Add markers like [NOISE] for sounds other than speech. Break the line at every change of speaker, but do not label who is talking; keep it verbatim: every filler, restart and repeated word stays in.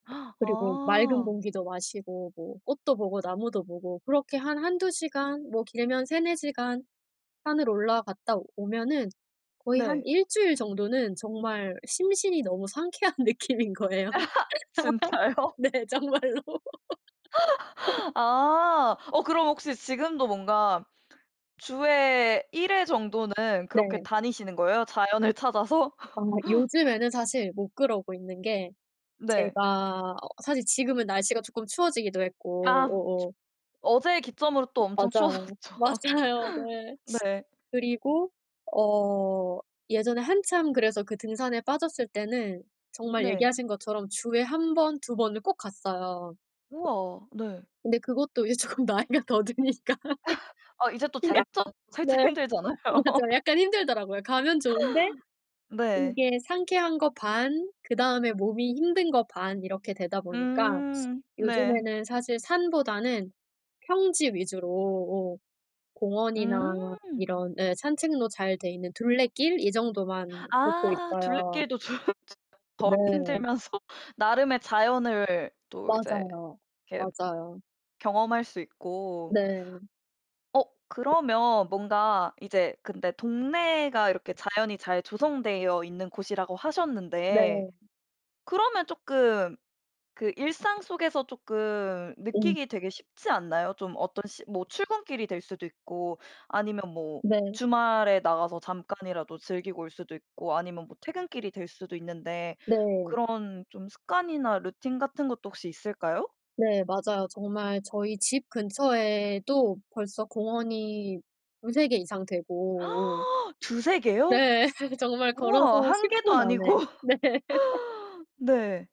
[GASPS]
그리고 맑은
어.
공기도 마시고 뭐 꽃도 보고 나무도 보고 그렇게 한 한두 시간 뭐 길면 세네 시간 산을 올라갔다 오면은 거의 한
네.
일 주일 정도는 정말 심신이 너무 상쾌한 느낌인 거예요.
[LAUGHS] 진짜요?
네 정말로. [LAUGHS]
[LAUGHS] 아. 어 그럼 혹시 지금도 뭔가 주에 일 회 정도는 그렇게
네.
다니시는 거예요? 자연을 찾아서?
아
[LAUGHS]
요즘에는 사실 못 그러고 있는 게
네.
제가 어 사실 지금은 날씨가 조금 추워지기도 했고
아
어어.
어제 기점으로 또 엄청
맞아요.
추워졌죠.
맞아요. 네.
[LAUGHS] 네.
그리고 어 예전에 한참 그래서 그 등산에 빠졌을 때는 정말
네.
얘기하신 것처럼 주에 한 번, 두 번을 꼭 갔어요.
우와. 네.
근데 그것도 이제 조금 나이가 더 드니까.
[LAUGHS] 아 이제 또
그냥
체력적
네.
살짝 힘들잖아요.
어 맞아
[LAUGHS]
약간 힘들더라고요. 가면 좋은데
네.
이게 상쾌한 거 반 그다음에 몸이 힘든 거 반 이렇게 되다 보니까
음 네.
요즘에는 사실 산보다는 평지 위주로 오 공원이나
음.
이런 예 산책로 잘 돼 있는 둘레길 이 정도만 걷고
아.
있어요.
둘레길도 좀 덜
네.
힘들면서 나름의 자연을 또 이제
맞아요.
이렇게
맞아요.
경험할 수 있고.
네.
어 그러면 뭔가 이제 근데 동네가 이렇게 자연이 잘 조성되어 있는 곳이라고 하셨는데
네.
그러면 쪼끔 그 일상 속에서 쪼끔
음.
느끼기 되게 쉽지 않나요? 좀 어떤 시 뭐 출근길이 될 수도 있고 아니면 뭐
네.
주말에 나가서 잠깐이라도 즐기고 올 수도 있고 아니면 뭐 퇴근길이 될 수도 있는데
네.
그런 좀 습관이나 루틴 같은 것도 혹시 있을까요?
네. 맞아요. 정말 저희 집 근처에도 벌써 공원이 두세 개 이상 되고 오
[GASPS] 두세 개요?
네. [LAUGHS] 정말 걸어서
우와. 한
십
개도
분 안에.
아니고.
네. [LAUGHS]
네.